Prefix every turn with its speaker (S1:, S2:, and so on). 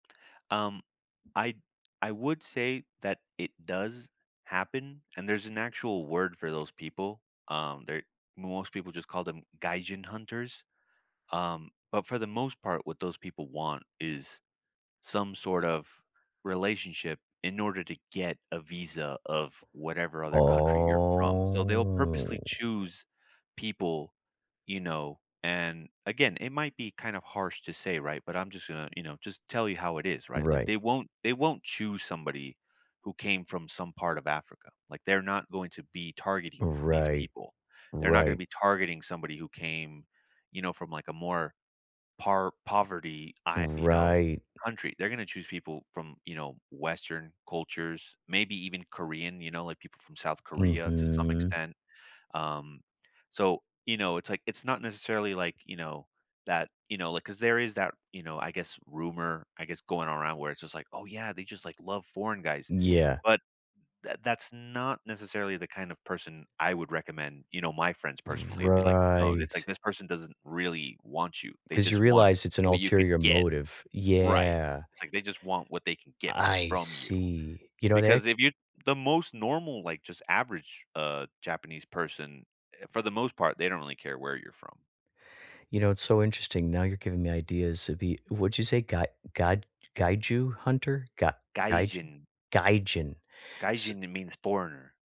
S1: Um, I I would say that it does happen, and there's an actual word for those people. Um, they're most people just call them "gaijin hunters." Um, but, for the most part, what those people want is some sort of relationship in order to get a visa of whatever other country you're from. So, they'll
S2: Oh.
S1: purposely choose people, you know, and again, it might be kind of harsh to say, right? But I'm just gonna, you know, just tell you how it is, right? Like,
S2: Right.
S1: they won't they won't choose somebody who came from some part of Africa, like, they're not going to be targeting these
S2: Right.
S1: people. They're not gonna
S2: Right.
S1: be targeting somebody who came, you know, from, like, a more par poverty, I you know,
S2: Right
S1: country. They're gonna choose people from, you know, Western cultures, maybe even Korean, you know, like, people from South Korea to some
S2: Mhm.
S1: extent. Um, so, you know, it's like it's not necessarily, like, you know, that, you know, like 'cause there is that, you know, I guess, rumor, I guess, going around where it's just like, "Oh, yeah. They just, like, love foreign guys."
S2: Yeah.
S1: But tha that's not necessarily the kind of person I would recommend. You know, my friends, personally, would be like, "No. It's like
S2: Right.
S1: this person doesn't really want you, they
S2: 'Cause you
S1: just want
S2: realize it's an
S1: what you could
S2: ulterior
S1: get.
S2: motive.
S1: Right.
S2: Yeah.
S1: It's like they just want what they can get
S2: I
S1: from you."
S2: see. You know they
S1: Because if you the most normal, like, just average, uh, Japanese person, for the most part, they don't really care where you're from.
S2: You know, it's so interesting. Now you're giving me ideas of ye what did you say? Gai gad gaiju hunter? Ga gaiju
S1: Gaijin.
S2: Gaijin. S
S1: Gaijin, it means foreigner.